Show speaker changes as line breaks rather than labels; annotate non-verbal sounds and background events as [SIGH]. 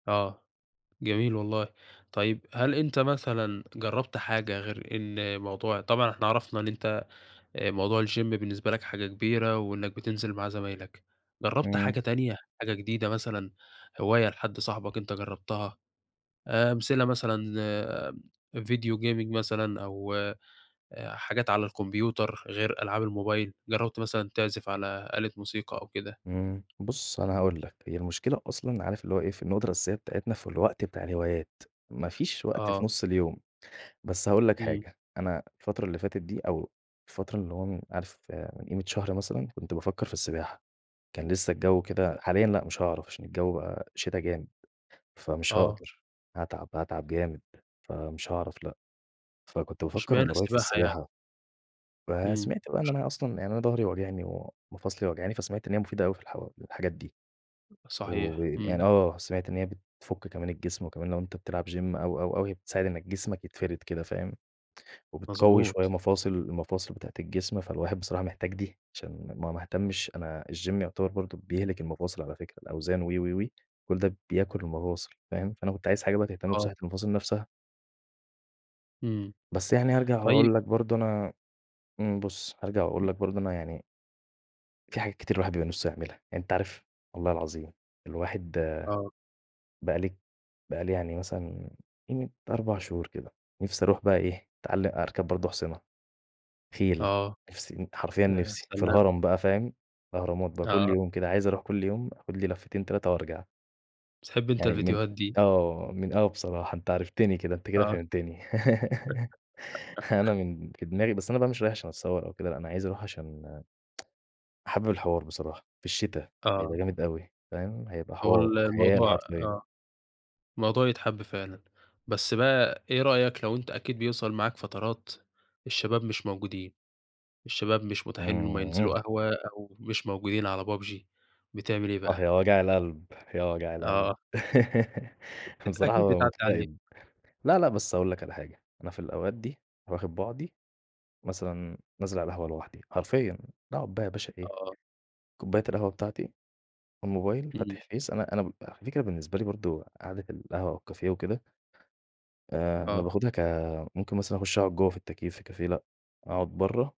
آه، جميل والله. طيب هل أنت مثلًا جربت حاجة غير إن موضوع طبعًا إحنا عرفنا إن أنت، آآ، موضوع الgym بالنسبة لك حاجة كبيرة وإنك بتنزل مع زمايلك. جربت
امم.
حاجة تانية، حاجة جديدة مثلًا؟ هواية لحد صاحبك أنت جربتها؟ آآ، أمثلة مثلًا video gaming مثلًا أو آآ حاجات على الكمبيوتر غير ألعاب الmobile، جربت مثلًا تعزف على آلة موسيقى أو كده؟
امم، بُص أنا هاقول لك، هي المشكلة أصلًا عارف اللي هو إيه، في النقطة الأساسية بتاعتنا في الوقت بتاع الهوايات، ما فيش وقت في
آه.
نص اليوم. بس هاقول لك
امم.
حاجة، أنا الفترة اللي فاتت دي أو الفترة اللي هو م عارف من قيمة شهر مثلًا، كنت بافكر في السباحة، كان لسه الجو كده حاليًا لأ، مش هاعرف عشان الجو بقى شتا جامد. فمش
آه.
هاقدر، هاتعب، هاتعب جامد، فمش هاعرف، لأ، فكنت بافكر
إشمعنى
من رأيي من في
السباحة يعني؟
السباحة.
امم.
فسمعت بقى إن أنا أصلًا يعني أنا ضهري واجعني، ومفاصلي واجعاني، فسمعت إن هي مفيدة أوي في الحو الحاجات دي.
صحيح،
وي يعني
امم.
آه، سمعت إن هي بتفك كمان الجسم وكمان لو أنت بتلعب gym أو، أو، أو هي بتساعد إن جسمك يتفرد كده فاهم؟ وبتقوي شوية
مضبوط.
مفاصل المفاصل بتاعة الجسم، فالواحد بصراحة محتاج دي عشان ما ما اهتمش أنا الgym يُعتبر برضه بيهلك المفاصل على فكرة، الأوزان و، و، و كل ده بياكل المفاصل فاهم، فأنا كنت عايز حاجة بقى تهتم
آه.
بصحة المفاصل نفسها.
امم،
بس يعني هارجع
طيب
وهاقول لك برضه أنا امم، بُص، هارجع وأقول لك
[UNINTELLIGIBLE]
برضه أنا يعني في حاجات كتير الواحد بيبقى نفسه يعملها، يعني أنت عارف- والله العظيم- الواحد
آه.
بقى لي بقى لي يعني مثلًا قيمة 4 شهور كده، نفسي أروح بقى إيه، أتعل أركب برضه أحصنة، خيل
آه.
نفسي ن حرفيًا
يا
نفسي، في
سلام!
الهرم بقى، فاهم؟ الأهرامات بقى كل
آه.
يوم كده عايز أروح كل يوم آخد لي لفتين، 3، وأرجع.
بتحب أنت
يعني من
الڤيديوهات دي؟
آه، من آه، بصراحة أنت عرفتني كده، أنت كده
آه.
فهمتني [LAUGHS]
[GIGGLES]
أنا من ك دماغي، بس أنا بقى مش رايح عشان أتصور أو كده لأ، أنا عايز أروح عشان [TSK] حابب الحوار بصراحة في الشتا،
آه.
هيبقى جامد أوي، فاهم، هيبقى
هو
حوار،
ال
خيال
الموضوع
حرفيًا.
آه، الموضوع يتحب فعلًا. بس بقى إيه رأيك لو أنت أكيد بيوصل معاك فترات الشباب مش موجودين، الشباب مش متاحين إن هم
امم.
ينزلوا قهوة أو مش موجودين على PUBG، بتعمل إيه
آه، يا
بقى؟
وجع القلب، يا وجع القلب.
آه.
[LAUGHS]
أ
بصراحة
أكيد
بابقى
بتعَدّي عليك.
مكتئب. لا، لأ، بس هاقول لك على حاجة أنا في الأوقات دي، واخد بعضي، مثلًا نازل على القهوة لوحدي، حرفيًا. أقعد بقى يا باشا إيه؟
آه.
كوباية القهوة بتاعتي، الmobile،
امم.
فاتح Face أنا أنا بابقى الفكرة بالنسبة لي برضه قعدة القهوة و الكافيه وكده، آآ أنا
آه.
باخدها ك ممكن مثلًا أخش أقعد جوَّه في التكييف في كافيه لأ، أقعد برّه.